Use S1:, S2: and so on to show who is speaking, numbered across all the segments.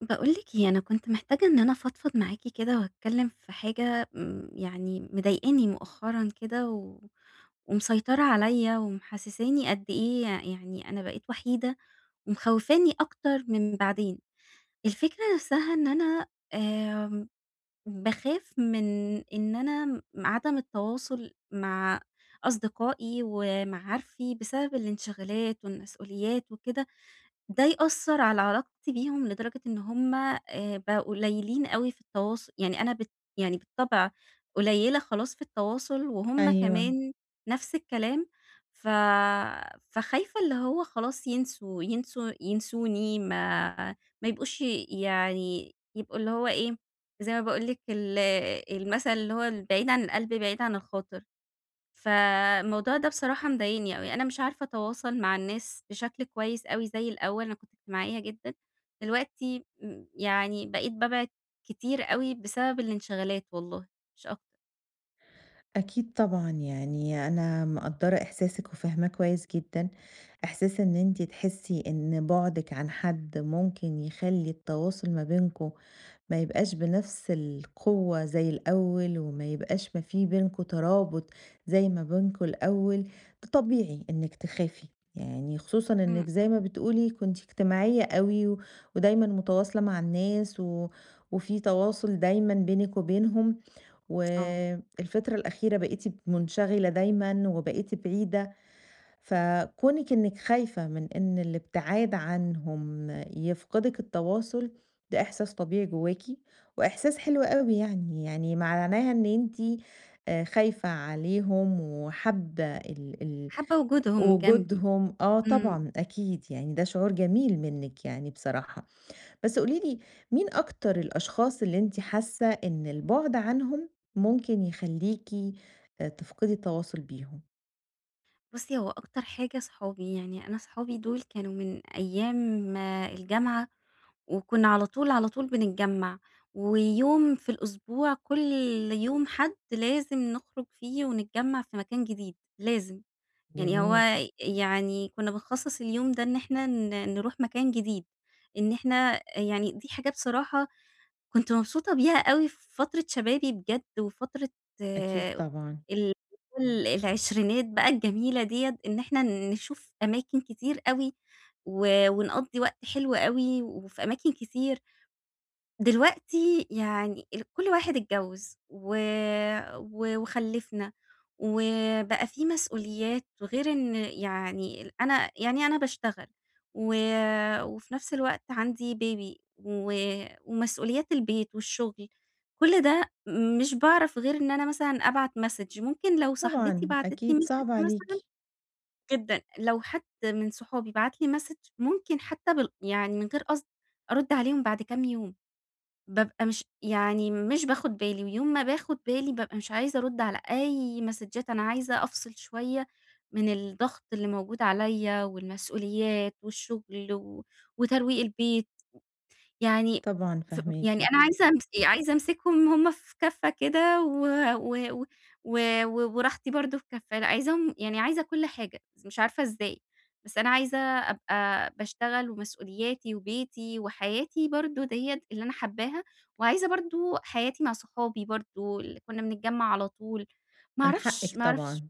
S1: باقول لِك إيه، أنا كنت محتاجة إن أنا فضفض معاكِ كده وأتكلم في حاجة، امم يعني مضايقاني مؤخرًا كده، و ومسيطرة عليا ومحسساني قد إيه ي يعني أنا بقيت وحيدة ومخوفاني أكتر من بعدين. الفكرة نفسها إن أنا آمم، باخاف من إن أنا عدم التواصل مع أصدقائي ومعارفي، بسبب الانشغالات والمسؤوليات وكده، ده يأثر على علاقتي بيهم، لدرجة إن هُم آآ، بقوا قليلين أوي في التواص يعني أنا ب يعني بالطبع قليلة خلاص في التواصل وهُم
S2: أيوه.
S1: كمان نفس الكلام، ف فخايفة اللي هو خلاص، ينسوا ينسو ينسوني، ما ما ي يبقوش يعني يبقوا اللي هو إيه، زي ما باقول لِك، ال المثل اللي هو البعيد عن القلب بعيد عن الخاطر، فالموضوع ده بصراحة مضايقني أوي، أنا مش عارفة أتواصل مع الناس بشكل كويس أوي زي الأول، أنا كنت اجتماعية جدًا، دلوقتي يعني بقيت بابعد كتير أوي بسبب الانشغالات والله، مش أكتر.
S2: أكيد طبعًا، يعني أنا مقدرة إحساسك وفاهماه كويس جدًا، إحساس إن أنتِ تحسي إن بُعدك عن حد ممكن يخلي التواصل ما بينكم ما يبقاش بنفس القوة زي الأول وما يبقاش ما في بينكم ترابط زي ما بينكم الأول، طبيعي إنك تخافي يعني خصوصًا
S1: امم،
S2: إنك زي ما
S1: امم.
S2: بتقولي كنتِ اجتماعية أوي و ودايمًا متواصلة مع الناس و وفي تواصل دايمًا بينك وبينهم، و
S1: آه.
S2: الفترة الأخيرة بقيتِ منشغلة دايمًا وبقيتِ بعيدة، فكونك إنك خايفة من إن الابتعاد عنهم يفقدك التواصل، ده إحساس طبيعي جواكِ وإحساس حلو أوي يعني، يعني معناها إن أنتِ آآ، خايفة عليهم وحابة ال ال
S1: حابة وجودهم جنبي،
S2: وجودهم آه،
S1: امم.
S2: طبعًا أكيد، يعني ده شعور جميل منِّك يعني بصراحة، بس قولي لي مين أكتر الأشخاص اللي أنتِ حاسة إن البعد عنهم ممكن يخليكِ آآ، تفقدي التواصل بيهم؟
S1: بُصّي، هو أكتر حاجة صحابي، يعني أنا صحابي دول كانوا من أيّام الجامعة، وكنّا على طول على طول بنتجمّع، ويوم في الأسبوع كل يوم حد لازم نخرُج فيه ونتجمّع في مكان جديد، لازم، يعني هو
S2: جميل.
S1: يعني كنّا بنخصّص اليوم ده إن إحنا ن نروح مكان جديد، إن إحنا أ يعني دي حاجة بصراحة كنت مبسوطة بيها أوي في فترة شبابي بجد، وفترة
S2: أكيد
S1: آآ
S2: طبعًا.
S1: ال ال العشرينات بقى الجميلة ديّة، إن إحنا نشوف أماكن كتير أوي، و ونقضّي وقت حلو أوي، وفي أماكن كتير. دلوقتي يعني ال كل واحد اتجوّز و و وخلّفنا، وبقى في مسؤوليات، وغير إن يعني ال أنا يعني أنا باشتغل، و وفي نفْس الوقت عندي baby، و ومسؤوليات البيت والشغل. كل ده مش باعرف غير إن أنا مثلًا أبعت message. ممكن لو صاحبتي
S2: طبعًا،
S1: بعتت لي
S2: أكيد
S1: message
S2: صعب
S1: مثلًا
S2: عليكِ.
S1: جدًا، لو حد من صحابي بعت لي message ممكن حتى بال يعني من غير قصد أرد عليهم بعد كام يوم، بابقى مش يعني مش باخد بالي، ويوم ما باخد بالي بابقى مش عايزة أرد على أي ماسدجات، أنا عايزة أفصِل شوية من الضغط اللي موجود عليَّ، والمسؤوليات، والشغل، و وترويق البيت، يعني
S2: طبعًا
S1: ف يعني
S2: فاهماكِ.
S1: أنا عايزة أمس عايزة أمسكهم هُم في كفّة كده و و و و و وراحتي برضه في كفّة. لأ عايزاهم يعني عايزة كل حاجة، بس مش عارفة إزاي. بس أنا عايزة أبقى باشتغل، ومسؤولياتي، وبيتي، وحياتي برضه ديّة اللي أنا حاباها، وعايزة برضه حياتي مع صحابي برضه ال كنّا بنتجمّع على طول، ما
S2: من
S1: أعرفش،
S2: حقِك
S1: ما أعرفش.
S2: طبعًا.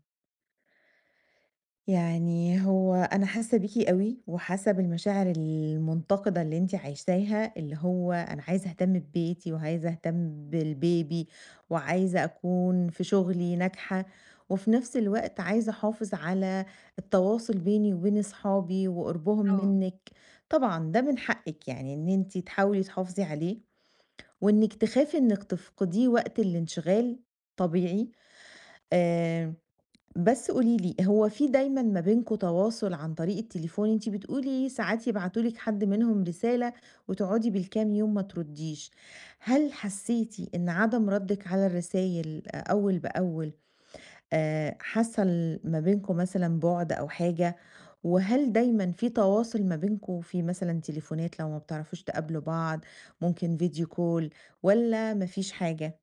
S2: يعني هو أنا حاسّة بيكِ أوي، وحاسّة بالمشاعر المُنتقِدة اللي أنتِ عايشاها، اللي هو أنا عايزة أهتم ببيتي، وعايزة أهتم بالbaby، وعايزة أكون في شغلي ناجحة، وفي نفْس الوقت عايزة أحافظ على التواصل بيني وبين أصحابي وقربهم
S1: آه.
S2: منِك، طبعًا ده من حقِك يعني إن أنتِ تحاولي تحافظي عليه، وإنِك تخافي إنِك تفقديه وقت الانشغال طبيعي، آمم بس قولي لي، هو في دايمًا ما بينكم تواصل عن طريق التليفون؟ أنتِ بتقولي ساعات يبعتوا لِك حد منهم رسالة، وتقعدي بالكام يوم ما ترُدّيش، هل حسّيتِ إن عدم ردِّك على الرسايل أ أوّل بأوّل آآ حصل ما بينكم مثلًا بُعد أو حاجة؟ وهل دايمًا في تواصل ما بينكم؟ في مثلًا تليفونات لو ما بتعرفوش تقابلوا بعض، ممكن video call، والّا ما فيش حاجة؟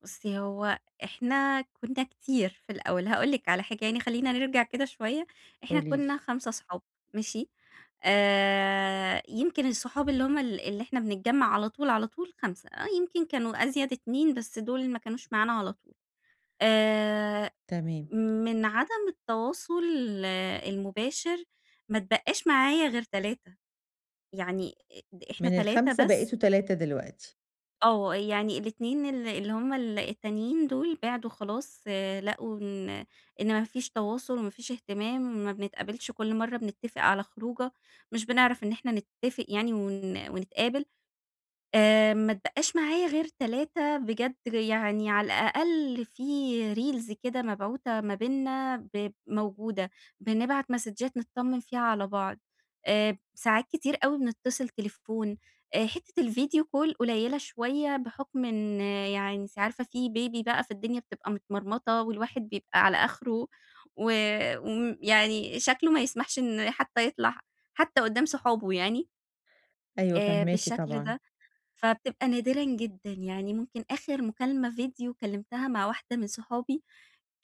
S1: بُصي هو إحنا كنّا كتير في الأول، هاقول لِك على حاجة يعني خلينا نرجع كده شوية، إحنا
S2: قولي لي.
S1: كنّا 5 أصحاب، ماشي، آآ يمكن الصحاب اللي هُم ال اللي إحنا بنتجمع على طول، على طول 5، يمكن كانوا أزيد 2 بس دول ما كانوش معانا على طول، آآ
S2: تمام.
S1: من عدم التواصل المباشر، ما اتبقاش معايا غير 3، يعني إ د إحنا
S2: من
S1: 3
S2: ال5
S1: بس.
S2: بقيتوا 3 دلوقتي.
S1: آه يعني ال2 ال اللي هُما ال التانيين دول بعدوا خلاص، لقوا إن إن ما فيش تواصل وما فيش اهتمام، ما بنتقابلش، كل مرة بنتفق على خروجة مش بنعرف إن إحنا نتفق يعني ون ونتقابل، آآ ما اتبقاش معايا غير 3 بجد، يعني على الأقل في reels كده مبعوتة ما بيننا، ب موجودة، بنبعت مسدجات نتطّمن فيها على بعض، آآ ساعات كتير أوي بنتصل تليفون حتّة الفيديو كول قليلة شوية بحُكم إن يعني أنتِ عارفة في بيبي بقى، فالدنيا بتبقى متمرمطة والواحد بيبقى على آخره و وم يعني شكله ما يسمحش إن حتى يطلع حتى قدام صحابه يعني،
S2: أيوه،
S1: آآ
S2: فاهماكِ
S1: بالشكل
S2: طبعًا.
S1: ده، فبتبقى نادرًا جدًا، يعني ممكن آخر مكالمة فيديو كلمتها مع واحدة من صحابي،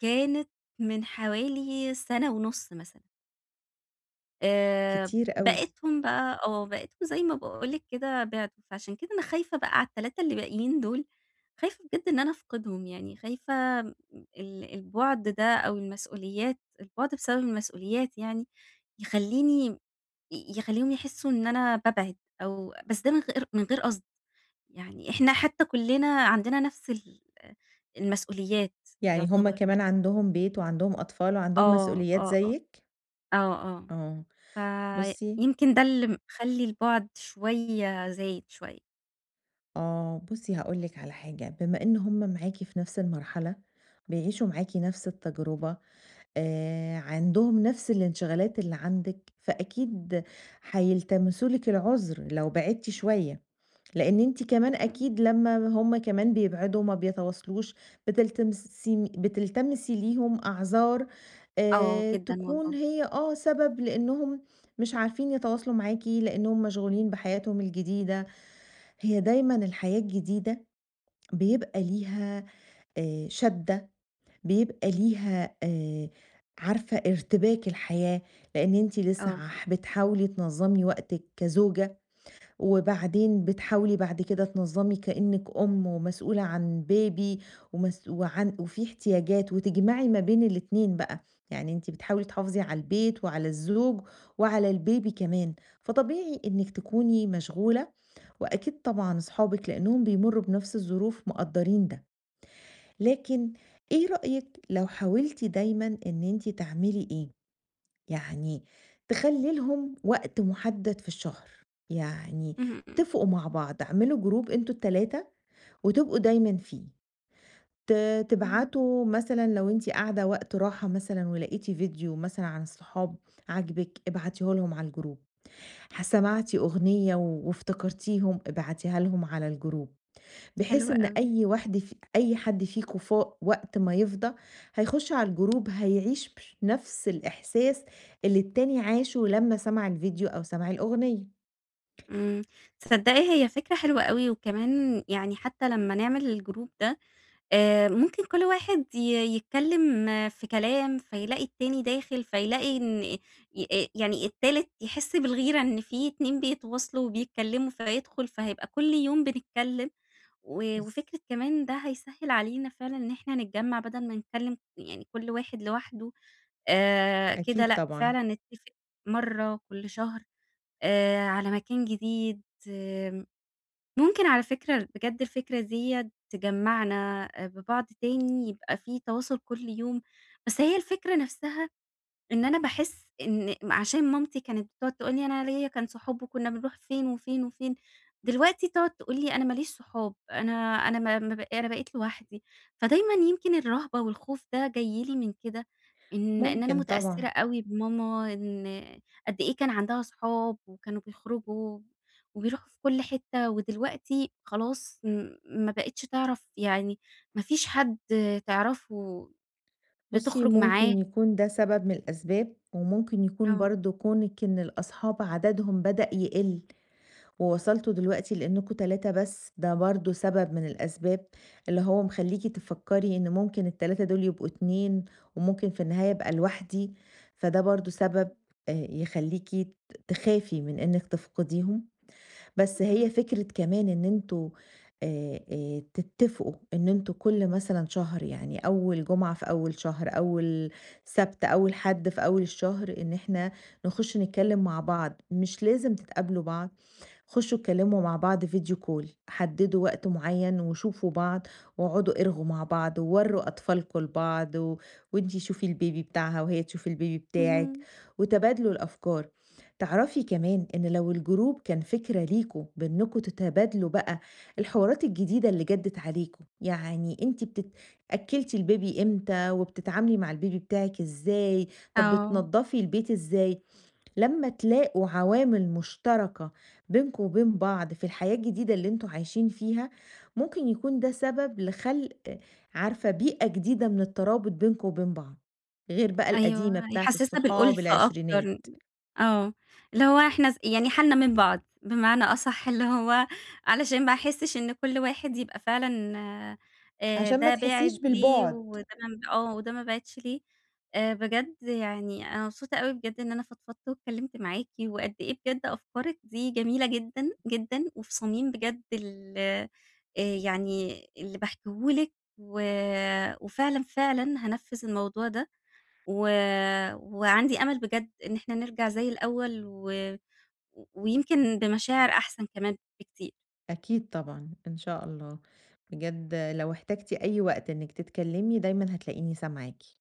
S1: كانت من حوالي سنة ونُص مثلًا. آآ
S2: كتير أوي
S1: بقِيتهم بقى، آه بقِيتكم زي ما باقول لِك كده بِعدوا. فعشان كده أنا خايفة بقى على ال3 اللي باقيين دُول، خايفة بجد إن أنا أفقِدهُم يعني، خايفة م ال البعد ده أو المسؤوليات البعد بسبب المسؤوليات يعني يخلّيني ي يخليهم يحسّوا إن أنا بابعد أو بس ده من غير من غير قصد يعني، إحنا حتى كلّنا عندنا نفس ال المسؤوليات
S2: يعني هُم
S1: يُعتبَر.
S2: كمان عندهُم بيت وعندهم أطفال وعندهم
S1: آه،
S2: مسؤوليات
S1: آه، آه،
S2: زيِّك؟
S1: آه،
S2: آه
S1: آه
S2: بُصي
S1: فيمكن ده اللي مخلّي البعد شوية زايد شوية.
S2: آه، بُصي هاقول لكِ على حاجة بما إن هُم معاكِ في نفس المرحلة بيعيشوا معاكِ نفس التجربة آآ عندهم نفس الانشغالات اللي عندِك، فأكيد حيلتمسوا لكِ العذر لو بعدتِ شوية، لأن أنتِ كمان
S1: اهم.
S2: أكيد لمّا هُم كمان بيبعدوا وما بيتواصلوش بتلتمسين بتلتمسي ليهم أعذار
S1: آه
S2: آآ
S1: جدًا،
S2: تكون
S1: والله.
S2: هي آه سبب لأنهم مش عارفين يتواصلوا معاكِ لأنهم مشغولين بحياتهم الجديدة، هي دايمًا الحياة الجديدة بيبقى ليها آآ، شَدّة بيبقى ليها آآ عارفة ارتباك الحياة لأن أنتِ لسه
S1: آه.
S2: عح بتحاولي تنظّمي وقتِك كزوجة وبعدين بتحاولي بعد كده تنظّمي كأنِك أم ومسؤولة عن Baby ومس وعن وفي احتياجات وتجمعِي ما بين الاتنين بقى، يعني أنتِ بتحاولي تحافظي على البيت وعلى الزوج وعلى الBaby كمان فطبيعي إنِك تكوني مشغولة وأكيد طبعًا اصحابِك لأنهم بيمرّوا بنفس الظروف مُقدّرين ده. لكن إيه رأيِك لو حاولتِ دايمًا إن أنتِ تعملي إيه يعني تخلّي لهم وقت مُحدد في الشهر، يعني
S1: اهم، إمم.
S2: اتفقوا مع بعض اعملوا جروب أنتم ال3 وتبقوا دايمًا فيه ت
S1: إمم.
S2: تبعتوا مثلًا لو أنتِ قاعدة وقت راحة مثلًا ولقيتِ فيديو مثلًا عن الصحاب عاجبِك ابعتيه لهُم على الجروب، ح سمعتِ أغنية وافتكرتيهم ابعتيها لهُم على الجروب،
S1: حلو
S2: بحيث إن
S1: أوي.
S2: أي واحدة ف أي حد فيكم فا وقت ما يفضى هيخُشّ علي الجروب هيعيش بش نفس الإحساس اللي التاني عاشُه لمّا سَمَع الڤيديو أو سَمَع الأغنية.
S1: إمم، تصدقي هي فكرة حلوة أوي، وكمان يعني حتى لمّا نعمل الجروب ده آآ ممكن كل واحد ي يتكلم في كلام، فيلاقي التاني داخل فيلاقي إن أ أ يعني التالت يحسّ بالغيرة إن في اتنين بيتواصلوا وبيتكلموا فهيدخل فهيبقى كل يوم بنتكلم، و
S2: بس.
S1: وفكرة كمان ده هيسهِّل علينا فعلًا إن إحنا نتجّمع بدل ما نتكلم يعني كل واحد لوحده آآ كده
S2: أكيد،
S1: لأ،
S2: طبعًا.
S1: فعلًا نتفق مرّة كل شهر آآ على مكان جديد آمم، ممكن على فكرة بجدّ الفكرة ديّة تجّمعنا ببعض تاني يبقى في تواصل كل يوم، بس هي الفكرة نفسها إن أنا باحس إن عشان مامتي كانت تقعد تقول لي أنا ليَّ كان صحاب و كنّا بنروح فين وفين وفين، دلوقتي تقعد تقول لي: "أنا ما ليش صحاب أنا أنا ما ما ب أنا بقيت لوحدي" فدايمًا يمكن الرهبة والخوف ده جاي لي من كده إن إن أنا
S2: مُمكن،
S1: مُتأثِّرة
S2: طبعًا.
S1: أوي بماما إن قد إيه كان عندها صحاب وكانوا بيخرجوا وبيروحوا في كل حتّة و دلوقتي خلاص م ما بقيتش تعرف يعني ما فيش حدّ تعرفه
S2: بُصي،
S1: لتخرُج
S2: مُمكن
S1: معاه.
S2: يكون ده سبب من الأسباب ومُمكن يكون
S1: آه.
S2: برضه كونِك إن الأصحاب عددهم بدأ يقل، ووصلتم دلوقتي لأنكم 3 بس. ده برضه سبب من الأسباب اللي هو مخليكِ تفكري، إنه مُمكن ال3 دُول يبقوا 2 ومُمكن في النهاية ابقى لوحدي فده برضه سبب يخليكِ ت تخافي من إنِك تفقديهم. بس هي
S1: اهم.
S2: فكرة كمان إن أنتم آآ آآ تتفقوا إن أنتم كل مثلًا شهر يعني أول جمعة في أول شهر، أول سبت، أول حد في أول الشهر، إن إحنا نخشّ نتكلم مع بعض، مش لازم تتقابلوا بعض خشّوا اتكلموا مع بعض Video call حددوا وقت معين وشوفوا بعض واقعدوا ارغوا مع بعض، ووَرُّوا أطفالكم لبعض و وأنتِ شوفي الBaby بتاعها وهي تشوف الBaby بتاعِك
S1: اهم.
S2: وتبادلوا الأفكار. تعرفي كمان، إن لو الجروب كان فكرة ليكم بأنكم تتبادلوا بقى الحوارات الجديدة اللي جدّت عليكم، يعني أنتِ بتت أكلّتِ الBaby إمتى؟ وبتتعاملي مع البيبي بتاعِك إزاي؟ طب
S1: آه.
S2: بتنضفي البيت إزاي؟ لمّا تلاقوا عوامل مشتركة بينكم وبين بعض في الحياة الجديدة، اللي أنتم عايشين فيها مُمكن يكون ده سبب لخلق عارفة، بيئة جديدة من الترابط بينكم وبين بعض غير بقى القديمة،
S1: أيوه
S2: بتاعة
S1: هيحسسّها
S2: الصحاب
S1: بالأُلّفة
S2: العشرينات.
S1: أكتر آه، اللي هو إحنا ز يعني حالنا من بعض بمعنى أصح اللي هو علشان ما احسّش إن كل واحد يبقى فعلًا آآ
S2: عشان، ما
S1: ده
S2: تحسّيش
S1: بِعِد ليه
S2: بالبُعد
S1: وده [unintelligible] آه، وده ما بِعِدش ليه بجد يعني أنا مبسوطة أوي بجد إن أنا فضفَضّت واتكلِّمت معاكِ وقد إيه بجدّ أفكارِِك دي جميلة جدًا، جدًا وفي صميم بجد ال يعني اللي باحكيه لكِ و وفعلًا، فعلًا هانفِّذ الموضوع ده و وعندي أمل بجدّ إن إحنا نِرّجَع زي الأول و ويمكن بمشاعر أحسن كمان بكتير.
S2: أكيد طبعًا، إن شاء الله بجد لو احتجتِ أي وقت إنِك تتكلمي، دايمًا هتلاقيني سامعاكِ.